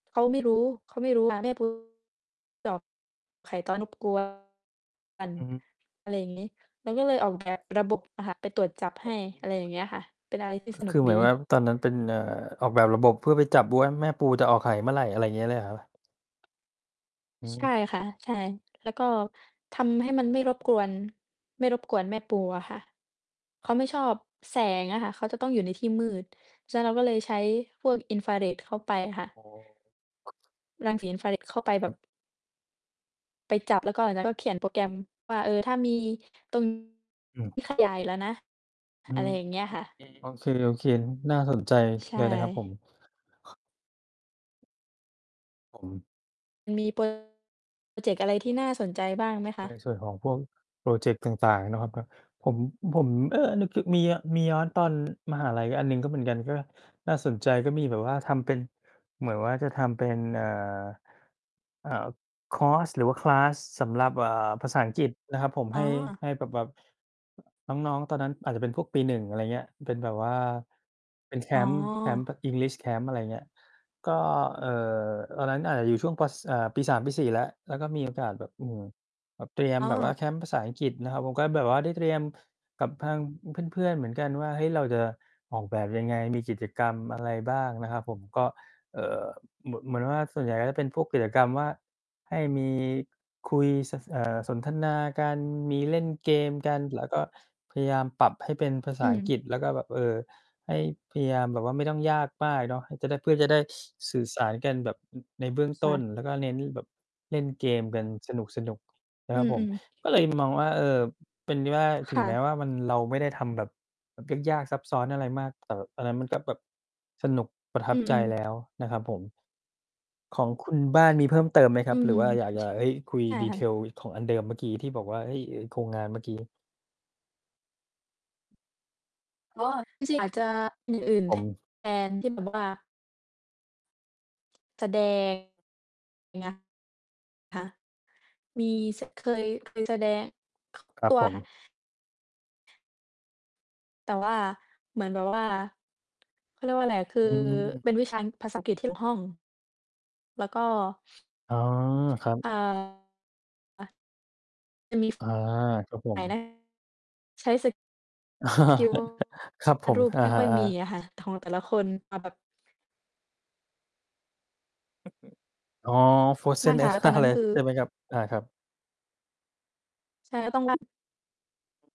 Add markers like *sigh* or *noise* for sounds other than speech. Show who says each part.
Speaker 1: เขาไม่รู้ เขาไม่รู้ค่ะ ไม่รู้ ตอบ ไข่ตอนบ กลัว กัน
Speaker 2: อือฮึ
Speaker 1: อะไรอย่างงี้ เราก็เลยออก แบบระบบ อะค่ะ ไปตรวจจับให้ อะไรอย่า
Speaker 2: *unintelligible*
Speaker 1: งเงี้ยค่ะ เป็นอะไรที่
Speaker 2: ค
Speaker 1: สนุ
Speaker 2: ค
Speaker 1: ก
Speaker 2: ือเหม
Speaker 1: ดี
Speaker 2: ือนแบบตอนนั้นเป็น เอ่อ ออกแบบระบบเพื่อไปจับบู ว่า แม่ปูจะออกไข่เมื่อไร? อะไรอย่างงี้เลยเหรอ? อื
Speaker 1: ใช่
Speaker 2: ม
Speaker 1: ค่ะ ใช่ แล้วก็ทำให้มันไม่รบกวน ไม่รบกวนแม่ปูอะค่ะ เขาไม่ชอบแสงอะค่ะ เขาจะต้องอยู่ในที่มืด ฉะนั้น เราก็เลยใช้พวกอินฟราเรดเข้าไปค่ะ
Speaker 2: โอ้
Speaker 1: รังสีอินฟราเรดเข้าไปแบ
Speaker 2: ครั
Speaker 1: บ
Speaker 2: บ
Speaker 1: ไปจับ แล้วก็หลังจากนั้นก็เขียนโปรแกรมว่า เออ ถ้ามี ตรง
Speaker 2: อืม
Speaker 1: ที่ขยาย แล้วนะ
Speaker 2: อื
Speaker 1: อะไร
Speaker 2: ม
Speaker 1: อย่างเงี้ยค่ะ
Speaker 2: โอเค โอเค ๆ น น่าสนใจ
Speaker 1: ใช
Speaker 2: เลยนะครับ
Speaker 1: ่
Speaker 2: ผม ครับผม
Speaker 1: มันมี พรอเจกต์ อะไรที่น่าสนใจบ้างไหมค
Speaker 2: ใน
Speaker 1: ะ?
Speaker 2: ส่วนของพวกพรอเจกต์ต่าง ๆ เนาะครับ เนาะ ผม อ ผม เออ นึกถึ มีอะ มีย้อนตอน มหาลัยอันหนึ่งก็เหมือนกัน ก็น่าสนใจ ก็มีแบบว่าทำเป็น เหมือนว่าจะทำเป็น เอ่อ อ่า คอร์ส หรือว่า คลาส ส สำหรับ เอ่อ ภาษาอังกฤษนะครับผม
Speaker 1: อ
Speaker 2: ใ
Speaker 1: ๋
Speaker 2: ห
Speaker 1: อ
Speaker 2: ้ ให้แบบ แบบ น้อง ๆ ตอนนั้นอาจจะเป็นพวกปี 1 อะไรเงี้ย เป็นแบบว่า เป็นแค
Speaker 1: อ๋อ
Speaker 2: มป์ แคมป์แบบ English Camp อะไรเงี้ย ก็ เอ่อ ตอนนั้นอาจจะอยู่ช่วงปอ ส อ่า ปี 3 ปี 4 แล้ว แล้วก็มี โอกาสแบบ อืม แบบเตรียม
Speaker 1: อ้
Speaker 2: แบบว่
Speaker 1: อ
Speaker 2: า แคมป์ภาษาอังกฤษนะครับ ผมก็แบบว่าได้เตรียมกับทางเพื่อน ๆ เหมือนกันว่า เฮ้ย เราจะออกแบบยังไง? มีกิจกรรม อะไร บ้าง? นะครับผม ก็ เอ่อ เหมื่อ เหมือนว่า ส่วนใหญ่ก็จะเป็นพวกกิจกรรมว่า ให้มี คุยซัส เอ่อ สนทนา กัน มีเล่นเกมกัน แล้วก็พยายามปรับให้เป็นภาษ
Speaker 1: อื
Speaker 2: าอัง
Speaker 1: ม
Speaker 2: กฤษ แล้วก็แบบ เออ ให้พยายามแบบว่าไม่ต้องยากมากเนาะ เออ จะได้ เพื่อจะได้ *sniffs* สื่อสาร กันแบบ อึ ในเบื้อง
Speaker 1: ค
Speaker 2: ต
Speaker 1: ่
Speaker 2: ้น
Speaker 1: ะ
Speaker 2: แล้วก็เน้นแบบเล่นเกมกันสนุก ๆ น
Speaker 1: อ
Speaker 2: ะ
Speaker 1: ื
Speaker 2: ครับผม
Speaker 1: ม ๆ
Speaker 2: ก็ เลยมองว่า เออ เป็นที่ว่า
Speaker 1: ค
Speaker 2: ถึ
Speaker 1: ่
Speaker 2: งแม้
Speaker 1: ะ
Speaker 2: ว่า มัน เราไม่ได้ทำแบบ แบบยาก ๆ ซับซ้อนอะไรมาก แต่แบบ ตอนนั้นมัน ก็แบบสนุก ประท
Speaker 1: อ
Speaker 2: ั
Speaker 1: ื
Speaker 2: บใจ
Speaker 1: อ ๆ
Speaker 2: แล้วนะครับผม ของคุณบ้านมีเพิ่มเติมไหมคร
Speaker 1: อื
Speaker 2: ับ? หรื
Speaker 1: ม
Speaker 2: อว่าอยาก อยาก เฮ้ย คุย
Speaker 1: ใช่ค่ะ
Speaker 2: detail ของอันเดิม เมื่อกี้ที่บอกว่า เฮ้ย ไอ้โครงงานเมื่อกี้
Speaker 1: อ๋อ จริง ๆ อาจจะอย่างอื่น
Speaker 2: ผ
Speaker 1: แท
Speaker 2: ม
Speaker 1: น ที่แบบว่า แสดง งะ คะ มี ส เคย เคยแสดง
Speaker 2: คร
Speaker 1: ต
Speaker 2: ั
Speaker 1: ั
Speaker 2: บ
Speaker 1: ว
Speaker 2: ผ
Speaker 1: ค่ะ
Speaker 2: ม
Speaker 1: แต่ว่าเหมือน แบบว่า เขาเรียกว่าไรอะ คือ
Speaker 2: อืม
Speaker 1: เป็น วิชาภาษาอังกฤษที่เกี่ยวข้อง แล้วก็
Speaker 2: อ๋อ ครับ
Speaker 1: เอ่อ อะ จะมี
Speaker 2: อา ครับผ
Speaker 1: หลา
Speaker 2: ม
Speaker 1: ยหน้า ใช้สกิล ว
Speaker 2: *chuckles* ครับผ
Speaker 1: าด
Speaker 2: ม
Speaker 1: รูป
Speaker 2: อ
Speaker 1: ไม่ค่อยม
Speaker 2: า
Speaker 1: ี
Speaker 2: ๆ ๆ
Speaker 1: อะค่ะ ถะ ของแต่ละคน มาแบบ
Speaker 2: *unintelligible* อ๋อ
Speaker 1: มั
Speaker 2: frozen
Speaker 1: ่น
Speaker 2: ใน
Speaker 1: ค่ะ แล้
Speaker 2: บ
Speaker 1: วต
Speaker 2: ้า
Speaker 1: อน
Speaker 2: น
Speaker 1: นั้
Speaker 2: เล
Speaker 1: น
Speaker 2: ย
Speaker 1: คือ
Speaker 2: ใช่ไหมครับ? อา ครับ
Speaker 1: ใช่ แล้วต้อง ลั่น